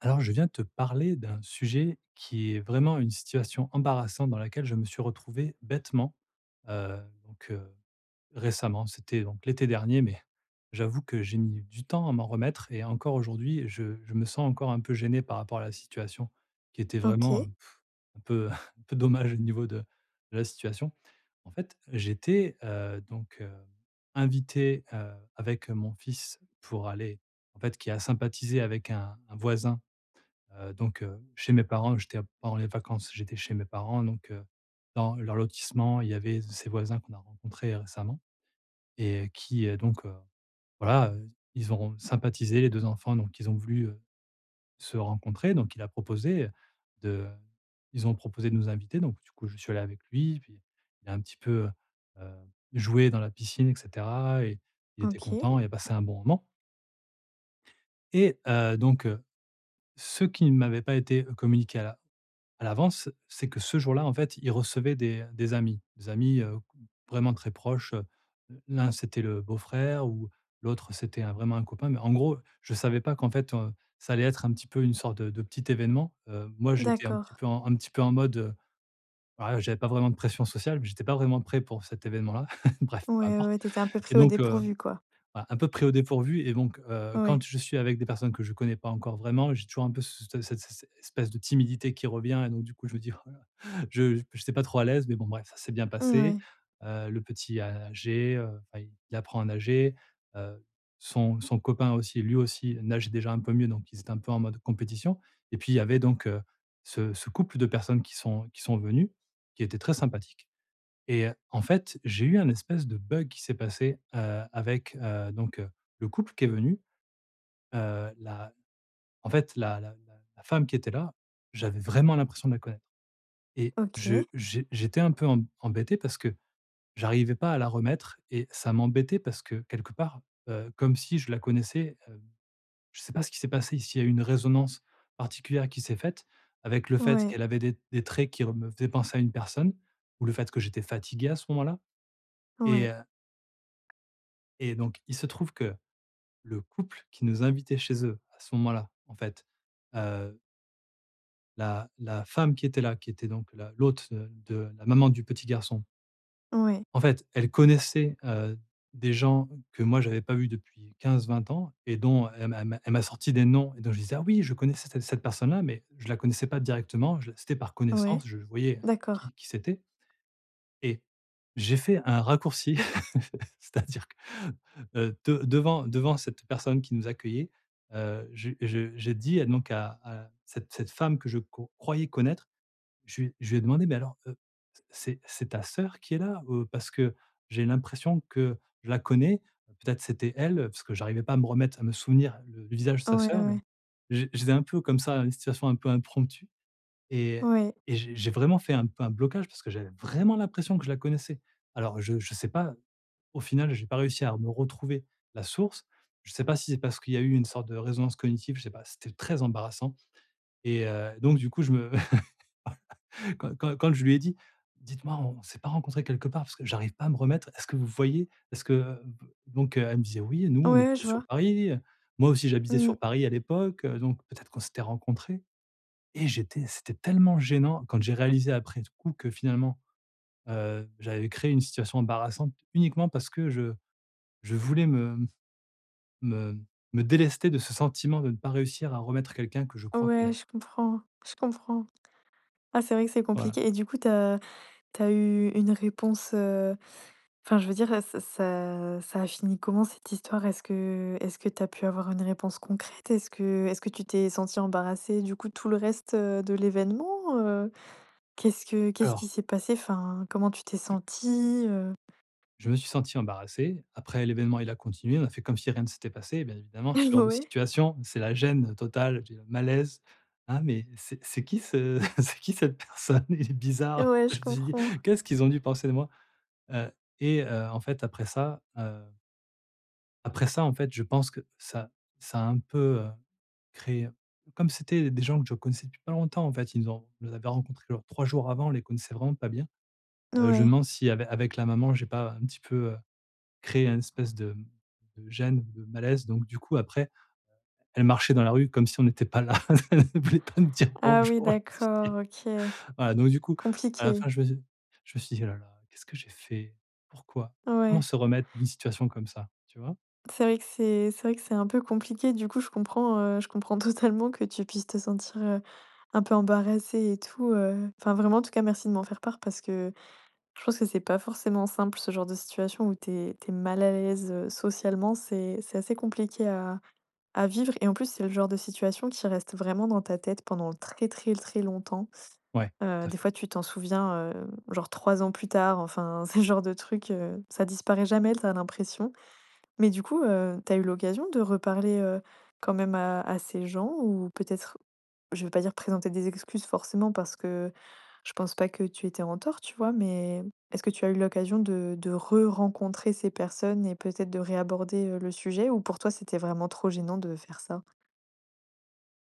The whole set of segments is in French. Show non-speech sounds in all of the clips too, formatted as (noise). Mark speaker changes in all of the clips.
Speaker 1: Alors, je viens te parler d'un sujet qui est vraiment une situation embarrassante dans laquelle je me suis retrouvé, bêtement, heu. Donc, heu, récemment c'était donc, l'été dernier mais, j'avoue que j'ai mis du temps à m'en remettre et encore aujourd'hui, je je me sens encore un peu gêné par rapport à la situation qui était vraiment, heu,
Speaker 2: OK.
Speaker 1: pff, un peu (chuckles) un peu dommage au niveau de de la situation. En fait, j'étais, heu, donc, heu, invité, heu, avec mon fils pour aller en fait qui a sympathisé avec un un voisin, heu, donc, heu, chez mes parents. J'étais en pendant les vacances, j'étais chez mes parents donc, heu, dans leur lotissement, il y avait z ces voisins qu'on a rencontrés récemment et qui, heu, donc, heu, voilà, heu, ils auront sympathisé les 2 enfants donc ils ont voulu, heu, se rencontrer. Donc il a proposé, heu, de ils ont proposé de nous inviter. Donc du coup, je suis allé avec lui et puis, il a un petit peu, heu heu, joué dans la piscine et cetera et il était
Speaker 2: OK.
Speaker 1: content et a passé un bon moment. Et heu, donc, heu, ce qui ne m'avait pas été communiqué à l'a à l'avance, c'est que ce jour-là, en fait, il recevaient des des amis des amis, heu, g vraiment très proches, heu. L'un, c'était le beau-frère ou l'autre c'était un vraiment un copain mais, en gros, je savais pas qu'en fait, heu, ça allait être un petit peu une sorte de de petit événement, heu. Moi, j'étais un petit
Speaker 2: D'accord.
Speaker 1: peu en un petit peu en mode, heu, voilà, j'avais pas vraiment de pression sociale mais j'étais pas vraiment prêt pour cet événement-là, (laughs) bref, peu
Speaker 2: Ouais,
Speaker 1: importe
Speaker 2: ouais, tu étais un peu
Speaker 1: et
Speaker 2: pris au
Speaker 1: donc, heu,
Speaker 2: dépourvu, quoi.
Speaker 1: un un peu pris au dépourvu et donc, heu, quand
Speaker 2: Ouais.
Speaker 1: je suis avec des personnes que je connais pas encore vraiment, j'ai toujours un peu, c te cet cette s s espèce de timidité qui revient et donc du coup, je me dis: «Oh la la», je j p je suis pas trop à l'aise mais bon bref, ça s'est bien passé,
Speaker 2: Mouais.
Speaker 1: heu. Le petit a agé, heu, enfin il apprend à nager, heu, son son copain aussi, lui aussi nage déjà un peu mieux donc ils étaient un peu en mode compétition et puis il y avait donc, heu, ce ce couple de personnes qui sont qui sont venues, qui étaient très sympathiques et heu, en fait, j'ai eu un espèce de bug qui s'est passé, heu, avec, heu, donc, heu, le couple qui est venu. Heu, la en fait la la la la femme qui était là, j'avais vraiment l'impression de la connaître et je
Speaker 2: OK.
Speaker 1: j'é j'étais un peu em embêté parce que, j'arrivais pas à la remettre et ça m'embêtait parce que quelque part, heu, comme si je la connaissais, heu. Je sais pas ce qui s'est passé, s'il y a une résonance particulière qui s'est faite avec le fait
Speaker 2: Ouais.
Speaker 1: qu'elle avait des des traits qui re me faisaient penser à une personne ou le fait que j'étais fatigué à ce moment-là et
Speaker 2: Ouais.
Speaker 1: heu Et donc, il se trouve que, le couple qui nous invitait chez eux à ce moment-là, en fait, heu la la femme qui était là, qui était donc la l'hôte, heu, de la maman du petit garçon
Speaker 2: Ouais.
Speaker 1: en fait elle connaissait, heu, des gens que moi j'avais pas vu depuis 15-20 ans et dont, elle m'a elle m'a elle m'a sorti des noms dont je disais: «Ah oui je connaissais c cette personne-là» mais je la connaissais pas directement, je c'était par
Speaker 2: Ouais,
Speaker 1: connaissance, je voyais
Speaker 2: d'accord.
Speaker 1: qui qui c'était et j'ai fait un raccourci (chuckles) c'est-à-dire que, heu, de devant devant cette personne qui nous accueillait, heu, je je j'ai dit à donc à à cette cette femme que je co croyais connaître. Je lui je lui ai demandé: «Mais alors, heu, c'est c'est ta soeur qui est là? Heu, parce que j'ai l'impression que je la connais, peut-être c'était elle?» parce que j'arrivais pas à me remettre, à me souvenir du visage de sa
Speaker 2: Ouais,
Speaker 1: soeur, donc
Speaker 2: ouais.
Speaker 1: j j'étais un peu comme ça dans une situation un peu impromptue et
Speaker 2: Oui.
Speaker 1: je j'ai vraiment fait un peu un blocage parce que j'avais vraiment l'impression que je la connaissais. Alors je je sais pas, au final j'ai pas réussi à me retrouver la source. Je sais pas si c'est parce qu'il y a eu une sorte de résonance cognitive, je sais pas, c'était très embarrassant et heu, donc du coup je me (chuckles) quand quand quand je lui ai dit: «Dites-moi, on s'est pas rencontré quelque part parce que j'arrive pas à me remettre, est-ce que vous voyez?». Est-ce que donc, heu, elle me disait: «Oui, nous
Speaker 2: Ouais,
Speaker 1: on est
Speaker 2: ouais,
Speaker 1: plutôt
Speaker 2: je
Speaker 1: sur
Speaker 2: vois.
Speaker 1: Paris». Moi aussi j'habitais
Speaker 2: Mmh.
Speaker 1: sur Paris à l'époque, heu, donc peut-être qu'on s'était rencontré et j'étais c'était tellement gênant quand j'ai réalisé après coup que finalement, heu, j'avais créé une situation embarrassante. Uniquement parce que je je voulais me me me délester de ce sentiment de ne pas réussir, à remettre quelqu'un que je crois
Speaker 2: Ouais
Speaker 1: connaître.
Speaker 2: je comprends, je comprends. Ah, c'est vrai que c'est
Speaker 1: Voilà.
Speaker 2: compliqué et du coup tu as tu as eu une réponse? Heu, enfin je veux dire et ce ça ça a fini comment cette histoire? Est-ce que est-ce que tu as pu avoir une réponse concrète? Est-ce que est-ce que tu t'es senti embarrassé du coup tout le reste, heu, de l'événement, heu? Qu'est-ce que qu'est-ce qui
Speaker 1: Alors
Speaker 2: s'est passé? Enfin comment tu t'es
Speaker 1: Je
Speaker 2: sentie, heu?
Speaker 1: je me suis senti embarrassé. Après l'événement il a continué, on a fait comme si rien ne s'était passé. Bien évidemment ce genre
Speaker 2: (chuckles)
Speaker 1: de
Speaker 2: Ouais.
Speaker 1: situation, c'est la gêne totale, j'ai un malaise. Ah, mais, c'est c'est qui ce c'est qui cette personne, il est bizarre.
Speaker 2: Ouais, je
Speaker 1: Je dis:
Speaker 2: comprends.
Speaker 1: «Qu'est-ce qu'ils ont dû penser de moi?» heu, et, heu, en fait après ça, heu après ça en fait je pense que ça ça a un peu, heu, créé comme c'était des gens que je connaissais depuis pas longtemps en fait. Ils nous ont ils nous avaient rencontrés genre 3 jours avant. On les connaissait vraiment pas bien. Heu, je me
Speaker 2: Ouais.
Speaker 1: demande si avec avec la maman j'ai pas un petit peu, heu, créé un espèce de de gêne ou de malaise. Donc du coup après elle marchait dans la rue comme si on n'était pas là. «Elle voulait pas nous dire
Speaker 2: Ah oui
Speaker 1: bonjour», je me suis
Speaker 2: d'accord,
Speaker 1: dit.
Speaker 2: OK.
Speaker 1: Voilà. Donc du coup à la
Speaker 2: Compliqué.
Speaker 1: fin je me dis je me suis dit: «Ouh la la, qu'est-ce que j'ai fait? Pourquoi? Comment
Speaker 2: Ouais.
Speaker 1: se remettre d'une situation comme ça? Tu vois?».
Speaker 2: C'est vrai que c'est c'est vrai que c'est un peu compliqué du coup, je comprends, heu, je comprends totalement (chuckles) que tu puisses te sentir, heu, un peu embarrassé et tout. Heu, enfin vraiment, en tout cas, merci de m'en faire part, parce que je pense que c'est pas forcément simple ce genre de situation. Où tu es tu es mal à l'aise, heu, socialement, c'est c'est assez compliqué à à vivre et en plus, c'est le genre de situation qui reste vraiment dans ta tête pendant très, très, très, longtemps.
Speaker 1: Ouais, tout
Speaker 2: Heu,
Speaker 1: à
Speaker 2: des
Speaker 1: fait.
Speaker 2: fois, tu t'en souviens, hem, genre 3 ans plus tard. Enfin c'est le genre de (chuckles) truc, heu, ça disparaît jamais tu as l'impression. Mais du coup, heu, tu as eu l'occasion de reparler, heu, quand même à à ces gens? Ou peut-être, je veux pas dire présenter des excuses forcément parce que je pense pas que tu étais en tort, tu vois? Mais est-ce que tu as eu l'occasion de de re rencontrer ces personnes et peut-être de réaborder, heu, le sujet? Ou pour toi, c'était vraiment trop gênant de faire ça?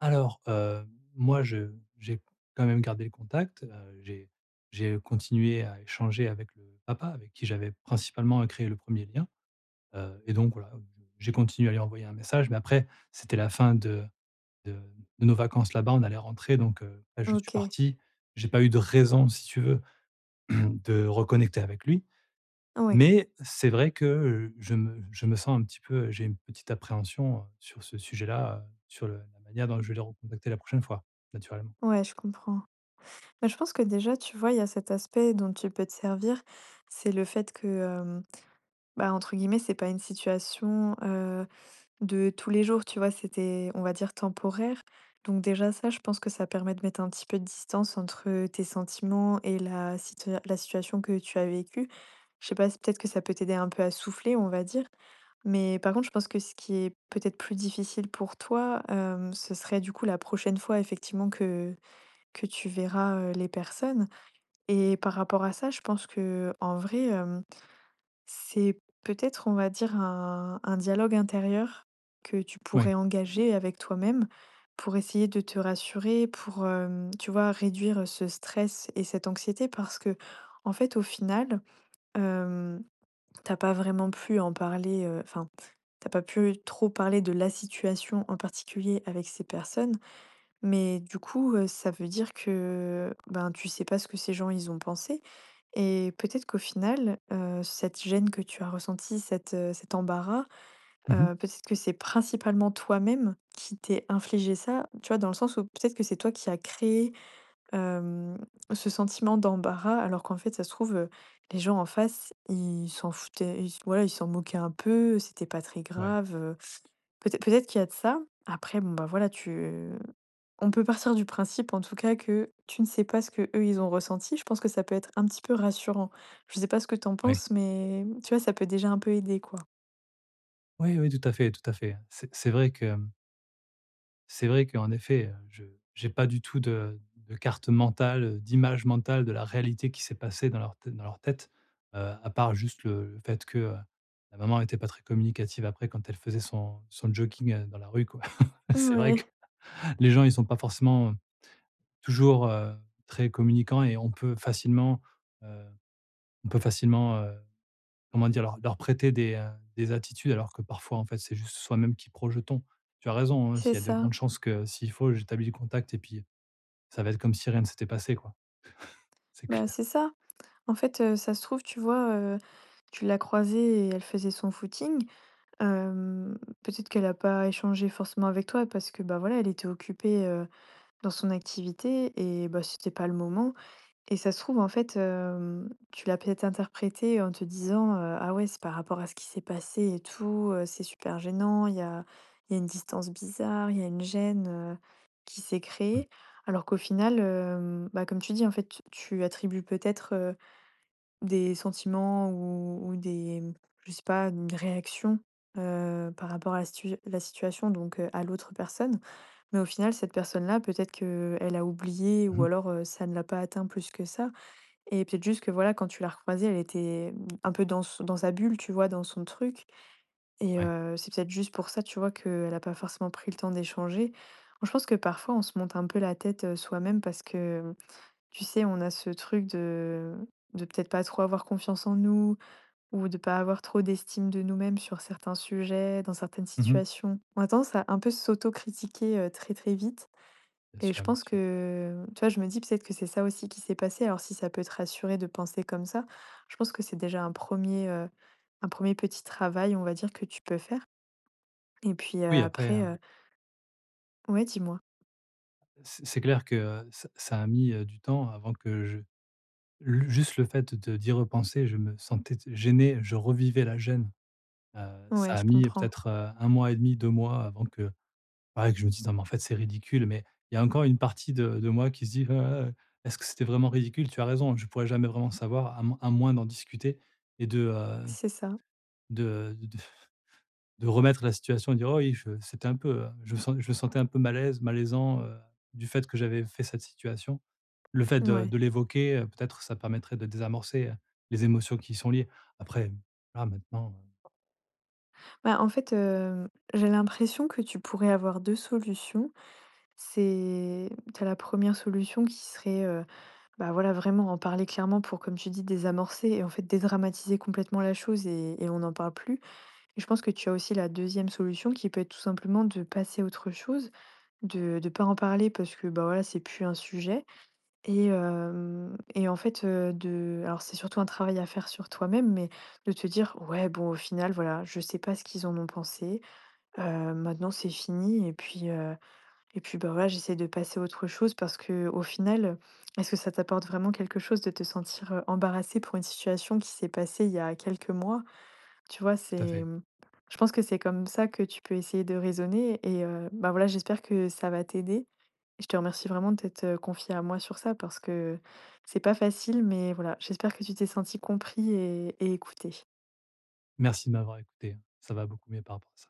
Speaker 1: Alors, hem, moi, je j'ai quand même gardé le contact. Heu, j'ai j'ai continué à échanger avec le papa avec qui j'avais principalement, heu, créé le premier lien. Heu, et donc voilà, bon, j'ai continué à lui envoyer un message, mais après c'était la fin de de de nos vacances là-bas, on allait rentrer donc, heu, bah, je suis
Speaker 2: OK.
Speaker 1: parti, j'ai pas eu de raison si tu veux (clears throat) de reconnecter avec lui.
Speaker 2: Ouais.
Speaker 1: Mais c'est vrai que, heu, je me je me sens un petit peu, heu j'ai une petite appréhension, heu, sur ce sujet-là, heu, sur le la manière dont je vais le recontacter la prochaine fois, naturellement.
Speaker 2: Ouais, je comprends. Bah, je pense que déjà, tu vois, il y a cet aspect dont tu peux te servir, c'est le fait que, hem, bah, entre guillemets, c'est pas une situation, heu, de tous les jours, tu vois, c'était, on va dire, temporaire. Donc déjà, ça, je pense que ça permet de mettre un petit peu de distance entre, heu, tes sentiments et la situa la situation que tu as vécue. Je sais pas si peut-être que ça peut t'aider un peu à souffler, on va dire. Mais par contre, je pense que ce qui est peut-être plus difficile pour toi, hem, ce serait du coup la prochaine fois effectivement que que tu verras, heu, les personnes et par rapport à ça, je pense qu'en vrai, hem, c'est peut-être, on va dire, un un dialogue intérieur que tu
Speaker 1: Oui.
Speaker 2: pourrais engager avec toi-même pour essayer de te rassurer, pour, hem, tu vois, réduire, heu, ce stress et cette anxiété. Parce qu'en fait, au final, hem, tu as pas vraiment pu en parler, heu, enfin, tu as pas pu trop parler de la situation en particulier avec ces personnes. Mais du coup, heu, ça veut dire que,, ben, tu sais pas ce que ces gens, ils ont pensé. Et peut-être qu'au final, heu, cette gêne que tu as ressentie, cet, heu, cet embarras,
Speaker 1: Mmh mh.
Speaker 2: heu, peut-être que c'est principalement toi-même qui t'es infligé ça. Tu vois, dans le sens où peut-être que c'est toi qui a créé, hem, ce sentiment d'embarras, alors qu'en fait, ça se trouve, heu, les gens en face, ils s'en foutaient, ils ouais, ils s'en moquaient un peu, c'était pas très
Speaker 1: Ouais.
Speaker 2: grave, heu. Peut-ê peut-être qu'il y a de ça. Après, bon, bah, voilà, tu on peut partir du principe en tout cas que tu ne sais pas ce qu'eux, ils ont ressenti. Je pense que ça peut être un petit peu rassurant. Je sais pas ce que tu en
Speaker 1: Oui.
Speaker 2: penses, mais tu vois, ça peut déjà un peu aider, quoi?
Speaker 1: Oui, oui, tout à fait, tout à fait. C'est c'est vrai que, hem c'est vrai qu'en effet, heu, je j'ai pas du tout de de carte mentale, heu, d'image mentale de la réalité qui s'est passée dans leur tête dans leur tête, heu, à part juste, le le fait que, heu, la maman était pas très communicative après quand elle faisait son son jogging, heu, dans la rue, quoi. (chuckles) C'est vrai que
Speaker 2: Mouais.
Speaker 1: les gens, ils sont pas forcément, heu, toujours, heu, très communicants et on peut facilement, heu, on peut facilement, heu, comment dire? Leur leur prêter des, heu, des attitudes alors que parfois, en fait, c'est juste soi-même qui projetons. Tu as raison, hein,
Speaker 2: C'est
Speaker 1: s'il y a de
Speaker 2: ça.
Speaker 1: grandes chances que s'il faut j'établis le contact et puis, ça va être comme si rien ne s'était passé quoi, (laughs) c'est
Speaker 2: Bah,
Speaker 1: clair.
Speaker 2: c'est ça. En fait, heu, ça se trouve, tu vois, heu, tu l'as croisée et elle faisait son footing. Hem, peut-être qu'elle a pas échangé forcément avec toi parce que, bah, voilà, elle était occupée, heu, dans son activité et bah, c'était pas le moment. Et ça se trouve, en fait, hem, tu l'as peut-être interprété en te disant: «Heu, ah, ouais, c'est par rapport à ce qui s'est passé et tout, heu, c'est super gênant. Il y a il y a une distance bizarre, il y a une gêne, heu, qui s'est
Speaker 1: Mmh.
Speaker 2: créée». Alors qu'au final, hem, bah, comme tu dis, en fait, tu tu attribues peut-être, heu, des sentiments ou ou des m je sais pas, une réaction, heu, par rapport à la situ je la situation, donc, heu, à l'autre personne. Mais au final, cette personne-là, peut-être qu'elle a oublié
Speaker 1: Mmh
Speaker 2: ou
Speaker 1: mh.
Speaker 2: alors, heu, ça ne l'a pas atteint plus que ça. Et peut-être juste que, voilà, quand tu l'as recroisée, elle était, mmh, un peu dans s dans sa bulle, tu vois, dans son truc. Et,
Speaker 1: Ouais.
Speaker 2: heu, c'est peut-être juste pour ça, tu vois, qu'elle a pas forcément pris le temps d'échanger. Moi, je pense que parfois, on se monte un peu la tête, heu, soi-même parce que, mmh, tu sais, on a ce truc de de peut-être pas trop avoir confiance en nous ou de pas avoir trop d'estime de nous-mêmes sur certains sujets, dans certaines
Speaker 1: Mmh mh.
Speaker 2: situations. On a tendance à un peu s'auto-critiquer, heu, très, très vite.
Speaker 1: Bien
Speaker 2: Et je
Speaker 1: sûr, bien
Speaker 2: pense
Speaker 1: sûr.
Speaker 2: que, tu vois, je me dis peut-être que c'est ça aussi qui s'est passé. Alors si ça peut te rassurer de penser comme ça, je pense que c'est déjà un 1er, heu, un 1er petit travail, on va dire, que tu peux faire. Et puis, heu,
Speaker 1: Oui après, heu
Speaker 2: après, heu Ouais, dis-moi.
Speaker 1: C c'est clair que, heu, ça ça a mis, heu, du temps avant que je lu juste le fait de d'y repenser je me sentais gêné, je revivais la gêne. Heu, ça
Speaker 2: Ouais,
Speaker 1: a
Speaker 2: je
Speaker 1: mis
Speaker 2: comprends.
Speaker 1: peut-être, heu, 1,5-2 mois avant que, voilà, que je me dise: «Non mais en fait c'est ridicule» mais il y a encore une partie de de moi qui se dit: «Heu heu, est-ce que c'était vraiment ridicule?», tu as raison, hein, je pourrais jamais vraiment savoir à m à moins d'en discuter et de, heu,
Speaker 2: C'est ça.
Speaker 1: de de de de remettre la situation et dire: «Oh, oui, je c'était un peu, heu, je me sen je me sentais un peu mal à l'aise, malaisant, heu, du fait que j'avais fait cette situation». Le fait
Speaker 2: N
Speaker 1: de
Speaker 2: ouais.
Speaker 1: de l'évoquer, heu, peut-être ça permettrait de désamorcer, heu, les émotions qui y sont liées. Après, hem, là, maintenant, heu
Speaker 2: Bah, en fait, hem, j'ai l'impression que tu pourrais avoir 2 solutions. C'est tu as la première solution qui serait, heu, bah, voilà, vraiment en parler clairement pour, comme tu dis, désamorcer et en fait dédramatiser complètement la chose et et on n'en parle plus. Et je pense que tu as aussi la 2ème solution qui peut être tout simplement de passer à autre chose, de de pas en parler parce que, bah, voilà, c'est plus un sujet. Et hem, et en fait, heu, de alors c'est surtout un travail à faire sur toi-même, mais de te dire: «Ouais, bon, au final, voilà, je sais pas ce qu'ils en ont pensé. Heu, maintenant, c'est fini et puis, heu et puis, bah, voilà, j'essaie de passer à autre chose», parce qu'au final, est ce que ça t'apporte vraiment quelque chose de te sentir, heu, embarrassé pour une situation qui s'est passée il y a quelques mois? Tu vois,
Speaker 1: Tout à
Speaker 2: c'est,
Speaker 1: fait.
Speaker 2: mmh je pense que c'est comme ça que tu peux essayer de raisonner. Et heu, ben, voilà, j'espère que ça va t'aider. Et je te remercie vraiment de t'être confié à moi sur ça parce que c'est pas facile, mais voilà, j'espère que tu t'es senti compris et et écouté.
Speaker 1: Merci de m'avoir écouté, ça va beaucoup mieux par rapport à ça.